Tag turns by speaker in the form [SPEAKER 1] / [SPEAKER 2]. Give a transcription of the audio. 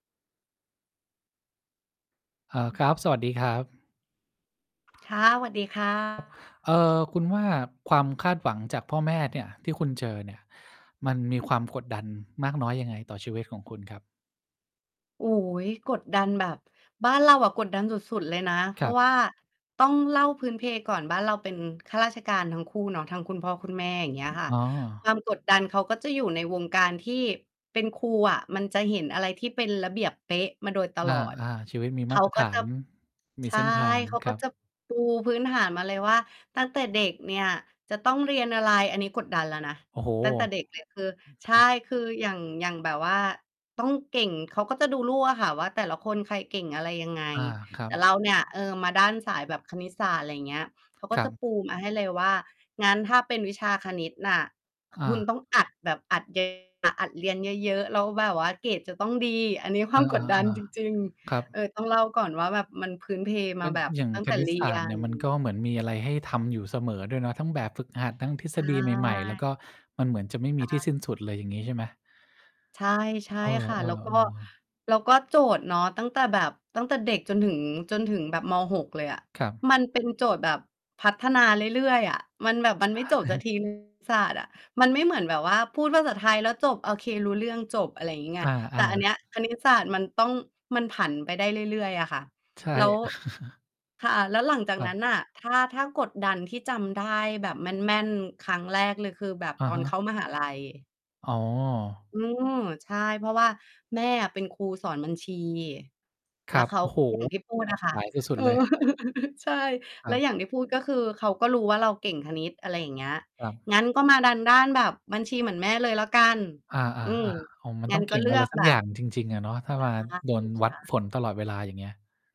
[SPEAKER 1] เอ่อ ครับ สวัสดีครับ
[SPEAKER 2] ค่ะ สวัสดี ค่ะ
[SPEAKER 1] ครับ เอ่อ คุณว่าความคาดหวังจากพ่อแม่เนี่ยที่คุณเจอเนี่ย มันมีความกดดันมากน้อยยังไง ต่อชีวิตของคุณครับ?
[SPEAKER 2] โอ้โฮ กดดันแบบ บ้านเราอะกดดันสุด ๆ เลยนะ เพ
[SPEAKER 1] ค
[SPEAKER 2] รา
[SPEAKER 1] รั
[SPEAKER 2] ะ
[SPEAKER 1] บ
[SPEAKER 2] ว่า ต้องเล่าพื้นเพก่อน บ้านเราเป็นข้าราชการทั้งคู่เนาะ ทั้งคุณพ่อคุณแม่ อย่างเงี้ยค่ะ
[SPEAKER 1] อ๋
[SPEAKER 2] คว
[SPEAKER 1] อ
[SPEAKER 2] ามกดดันเขาก็จะอยู่ในวงการที่เป็นครูอะ มันจะเห็นอะไรที่เป็นระเบียบเป๊ะมาโดยต
[SPEAKER 1] อ
[SPEAKER 2] ลอด
[SPEAKER 1] า ๆ ชีวิตมี
[SPEAKER 2] เข
[SPEAKER 1] มา
[SPEAKER 2] า
[SPEAKER 1] ตร
[SPEAKER 2] ก
[SPEAKER 1] ฐ
[SPEAKER 2] ็
[SPEAKER 1] า
[SPEAKER 2] จะ
[SPEAKER 1] น ม
[SPEAKER 2] ใ
[SPEAKER 1] ี
[SPEAKER 2] ช
[SPEAKER 1] เ
[SPEAKER 2] ่
[SPEAKER 1] ส้นทาง
[SPEAKER 2] เขา
[SPEAKER 1] ค
[SPEAKER 2] ก็
[SPEAKER 1] รับ
[SPEAKER 2] จะปูพื้นฐานมาเลยว่า ตั้งแต่เด็กเนี่ยจะต้องเรียนอะไร อันนี้กดดันแล้วนะ
[SPEAKER 1] โอ้โฮ
[SPEAKER 2] ตั้งแต่เด็ก
[SPEAKER 1] อ
[SPEAKER 2] เลย คือ
[SPEAKER 1] ืม
[SPEAKER 2] ใ
[SPEAKER 1] ค
[SPEAKER 2] ช
[SPEAKER 1] ร
[SPEAKER 2] ่
[SPEAKER 1] ับ
[SPEAKER 2] คืออย่าง อย่างแบบว่า ต้องเก่ง เขาก็จะดูลูกอะค่ะว่า แต่ละคนใครเก่งอะไรยังไง
[SPEAKER 1] อา ครั
[SPEAKER 2] แต่
[SPEAKER 1] บ
[SPEAKER 2] เราเนี่ย เออ มาด้านสายแบบคณิตศาสตร์ อะไรเงี้ย เขาก็
[SPEAKER 1] คร
[SPEAKER 2] จ
[SPEAKER 1] ั
[SPEAKER 2] ะ
[SPEAKER 1] บ
[SPEAKER 2] ปูมาให้เลยว่า "งั้นถ้าเป็นวิชาคณิตน่ะ
[SPEAKER 1] อ
[SPEAKER 2] ค
[SPEAKER 1] า
[SPEAKER 2] ุณต้องอัด แบบอัด เยอะ ๆ อัดเรียนเยอะ ๆ แล้วแบบว่าเกรดจะต้องดี" อันนี้คว
[SPEAKER 1] อ
[SPEAKER 2] า
[SPEAKER 1] า
[SPEAKER 2] ม
[SPEAKER 1] อ
[SPEAKER 2] ก
[SPEAKER 1] ะ
[SPEAKER 2] ด
[SPEAKER 1] ฮ
[SPEAKER 2] ด
[SPEAKER 1] ะ
[SPEAKER 2] ัน
[SPEAKER 1] อา
[SPEAKER 2] จริง
[SPEAKER 1] ครั
[SPEAKER 2] ๆ เออ
[SPEAKER 1] บ
[SPEAKER 2] ต้องเล่าก่อนว่า แบบมันพื้นเพม
[SPEAKER 1] ม
[SPEAKER 2] า
[SPEAKER 1] ัน
[SPEAKER 2] แบบ
[SPEAKER 1] อย่าง
[SPEAKER 2] ตั้ง
[SPEAKER 1] ค
[SPEAKER 2] แต่
[SPEAKER 1] ณิ
[SPEAKER 2] เร
[SPEAKER 1] ต
[SPEAKER 2] ี
[SPEAKER 1] ศา
[SPEAKER 2] ย
[SPEAKER 1] สตร์เนี
[SPEAKER 2] น
[SPEAKER 1] ่ยมันก็เหมือนมีอะไรให้ทำอยู่เสมอด้วยเนาะ ทั้งแบบฝึกหัด ทั้งทฤ
[SPEAKER 2] ใช
[SPEAKER 1] ษฎีใหม่ ๆ แล้ว
[SPEAKER 2] ่
[SPEAKER 1] ก็มันเหมือนจะไม่ม
[SPEAKER 2] อ
[SPEAKER 1] ีที่ส
[SPEAKER 2] า
[SPEAKER 1] ิ้นสุดเลย อย่างงี้ใช่ไหม?
[SPEAKER 2] ใช่ ใช่
[SPEAKER 1] เออ
[SPEAKER 2] ค่ะ แล้ว ก็
[SPEAKER 1] ๆ ๆ
[SPEAKER 2] แล้วก็โจทย์เนาะ ตั้งแต่แบบ ตั้งแต่เด็กจนถึง จนถึงแบบ ม. 6 เลยอะ
[SPEAKER 1] ครับ
[SPEAKER 2] มันเป็นโจทย์แบบพัฒนาเรื่อย ๆ อะ มันแบบ
[SPEAKER 1] ใ
[SPEAKER 2] มัน
[SPEAKER 1] ช
[SPEAKER 2] ไม่จบสัก ที
[SPEAKER 1] ่
[SPEAKER 2] คณิต ศาสตร์อะ มันไม่เหมือนแบบว่า พูดภาษาไทยแล้วจบ โอเค รู้เรื่องจบ อะไรงี้ไง
[SPEAKER 1] อ
[SPEAKER 2] แต
[SPEAKER 1] า
[SPEAKER 2] ่อันเนี้
[SPEAKER 1] ๆ
[SPEAKER 2] ยคณิตศาสตร์มันต้อง มันผันไปได้เรื่อย ๆ อะค่ะ
[SPEAKER 1] ใช่
[SPEAKER 2] แล้ว ค่ะ แล้วหลังจาก
[SPEAKER 1] คร
[SPEAKER 2] น
[SPEAKER 1] ั
[SPEAKER 2] ั
[SPEAKER 1] บ
[SPEAKER 2] ้นน่ะ ถ้า ถ้ากดดันที่จำได้แบบแม่น ๆ ครั้งแรกเลยคือแบบ
[SPEAKER 1] อ
[SPEAKER 2] ต
[SPEAKER 1] ะ
[SPEAKER 2] อ
[SPEAKER 1] ฮ
[SPEAKER 2] นเข
[SPEAKER 1] ะ
[SPEAKER 2] ้ามหาลัย
[SPEAKER 1] อ๋อ
[SPEAKER 2] เออ ใช่ เพราะว่าแม่อะเป็นครูสอนบัญชี
[SPEAKER 1] ค
[SPEAKER 2] แล้
[SPEAKER 1] ร
[SPEAKER 2] ว
[SPEAKER 1] ับ
[SPEAKER 2] เขา
[SPEAKER 1] โอ้โฮ!
[SPEAKER 2] อย่างที่พูด
[SPEAKER 1] ตร
[SPEAKER 2] น่ะ
[SPEAKER 1] ง
[SPEAKER 2] ค่ะ
[SPEAKER 1] สายส
[SPEAKER 2] เ
[SPEAKER 1] ุ
[SPEAKER 2] อ
[SPEAKER 1] ด
[SPEAKER 2] อ
[SPEAKER 1] ๆ เลย
[SPEAKER 2] ใช่
[SPEAKER 1] ค
[SPEAKER 2] แล
[SPEAKER 1] ร
[SPEAKER 2] ้
[SPEAKER 1] ั
[SPEAKER 2] ว
[SPEAKER 1] บ
[SPEAKER 2] อย่างที่พูด ก็คือเขาก็รู้ว่าเราเก่งคณิต อะไรอย่างเงี้ย
[SPEAKER 1] ครับ
[SPEAKER 2] "งั้นก็มาดันด้านแบบบัญชีเหมือนแม่เลยแล้วกัน"
[SPEAKER 1] อา
[SPEAKER 2] อื
[SPEAKER 1] ๆ
[SPEAKER 2] ม
[SPEAKER 1] ๆ อ๋อ มัน
[SPEAKER 2] งั
[SPEAKER 1] ต
[SPEAKER 2] ้
[SPEAKER 1] ้อ
[SPEAKER 2] น
[SPEAKER 1] งเ
[SPEAKER 2] ก
[SPEAKER 1] ก
[SPEAKER 2] ็
[SPEAKER 1] ่
[SPEAKER 2] เ
[SPEAKER 1] ง
[SPEAKER 2] ลื
[SPEAKER 1] อะ
[SPEAKER 2] อ
[SPEAKER 1] ไร
[SPEAKER 2] ก
[SPEAKER 1] สั
[SPEAKER 2] แบ
[SPEAKER 1] กอย
[SPEAKER 2] บ
[SPEAKER 1] ่างจริง ๆ อะเนาะ ถ้า
[SPEAKER 2] ต
[SPEAKER 1] ว
[SPEAKER 2] า
[SPEAKER 1] ่
[SPEAKER 2] ม
[SPEAKER 1] างั
[SPEAKER 2] หน
[SPEAKER 1] ้น
[SPEAKER 2] ้า
[SPEAKER 1] โด
[SPEAKER 2] เกร
[SPEAKER 1] น
[SPEAKER 2] ด
[SPEAKER 1] วั
[SPEAKER 2] ค
[SPEAKER 1] ด
[SPEAKER 2] ่ะ
[SPEAKER 1] ผลตลอดเวลา อย่างเงี้ย